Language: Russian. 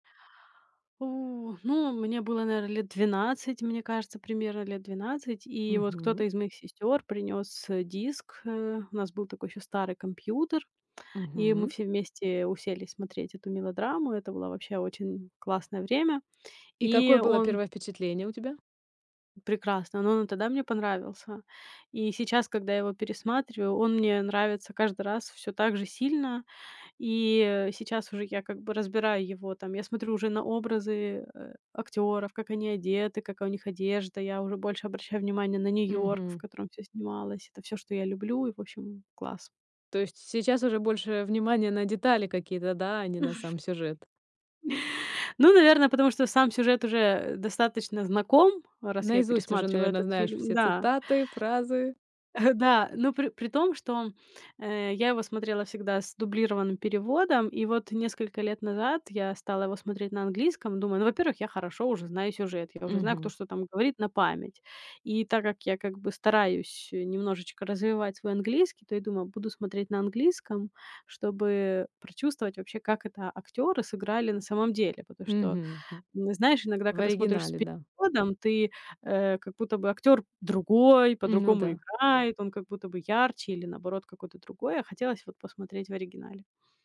О, ну, мне было, наверное, лет 12. Мне кажется, примерно лет 12. И вот кто-то Мгм. из моих сестёр принёс диск, э. У нас был такой ещё старый компьютер, и мы Мгм. все вместе уселись смотреть эту мелодраму. Это была вообще очень классное время. И И какое было он первое впечатление у тебя? Прекрасный, но он и тогда мне понравился. И сейчас, когда я его пересматриваю, он мне нравится каждый раз всё так же сильно. И сейчас уже я как бы разбираю его там Я смотрю уже на образы, э, актёров, как они одеты, какая у них одежда. Я уже больше обращаю внимание на Нью-Йорк, в Мгм. котором всё снималось. Это всё, что я люблю. И в общем, класс. То есть сейчас уже больше внимания на детали какие-то, да, а не на сам сюжет. Ну, наверно, потому что сам сюжет уже достаточно знаком, раз я Наизусть уже, пересматриваю наверно, этот знаешь фильм. все Да. цитаты, фразы. Да, но при при том, что, э, я его смотрела всегда с дублированным переводом, и вот несколько лет назад я стала его смотреть на английском, думаю: "Ну, во-первых, я хорошо уже знаю сюжет, я уже знаю, кто Мгм. что там говорит на память". И так как я как бы стараюсь, э, немножечко развивать свой английский, то я думаю, буду смотреть на английском, чтобы прочувствовать вообще, как это актёры сыграли на самом деле. Потому что, Мгм. м, знаешь, иногда, В когда смотришь с оригинале да. переводом, ты, э, как будто бы актёр другой, Ну по-другому да. играет, он как будто бы ярче или, наоборот, какой-то другой. А хотелось вот посмотреть в оригинале.